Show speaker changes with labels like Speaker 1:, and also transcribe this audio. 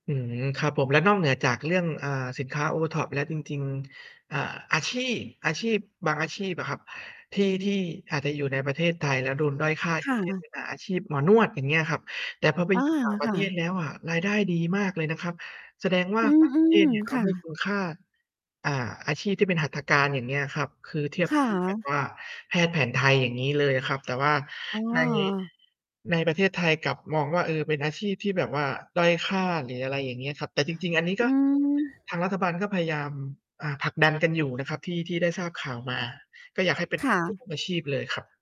Speaker 1: อืม ครับผม แล้วนอกเหนือจากเรื่อง อ่า สินค้า OTOP แล้ว จริง ๆ อ่า อาชีพ อาชีพบางอาชีพอะครับที่ ที่อาจจะอยู่ในประเทศไทยแล้วโดนด้อยค่า
Speaker 2: ค
Speaker 1: อย่า
Speaker 2: ่
Speaker 1: งเช่น
Speaker 2: ะ
Speaker 1: อ่า อาชีพหมอนวด อย่างเงี้ยครับ แต่พอไป
Speaker 2: อา
Speaker 1: อยู่ ต่างปร
Speaker 2: ค
Speaker 1: ะเ
Speaker 2: ่
Speaker 1: ทศ
Speaker 2: ะ
Speaker 1: แล้วอะ รายได้ดีมากเลยนะครับ แสดงว่า
Speaker 2: อื
Speaker 1: ต่าง ประเทศ
Speaker 2: ม
Speaker 1: เนี่ยเข
Speaker 2: ๆ ค
Speaker 1: า
Speaker 2: ่
Speaker 1: ให้
Speaker 2: ะ
Speaker 1: คุณค่า อ่า อาชีพที่เป็นหัตถการ อย่างเงี้ยครับ คือ เทียบ
Speaker 2: ค่
Speaker 1: เท่าแบบว
Speaker 2: ะ
Speaker 1: ่า แพทย์แผนไทย อย่างงี้เลยครับ แต่ว่า
Speaker 2: อ๋
Speaker 1: ใน
Speaker 2: อ
Speaker 1: ในประเทศไทยกลับมองว่า เออ เป็นอาชีพที่แบบว่าด้อยค่าหรืออะไรอย่างเงี้ยครับ แต่จริง ๆ อันนี้
Speaker 2: อ
Speaker 1: ก
Speaker 2: ื
Speaker 1: ็
Speaker 2: ม
Speaker 1: ทางรัฐบาลก็พยายาม อ่า ผลักดันกันอยู่นะครับ ที่ ที่ได้ทราบข่าวมา ก็อยากให้เป็น
Speaker 2: ค่ะ
Speaker 1: [unintelligible] อาชีพเลยครับ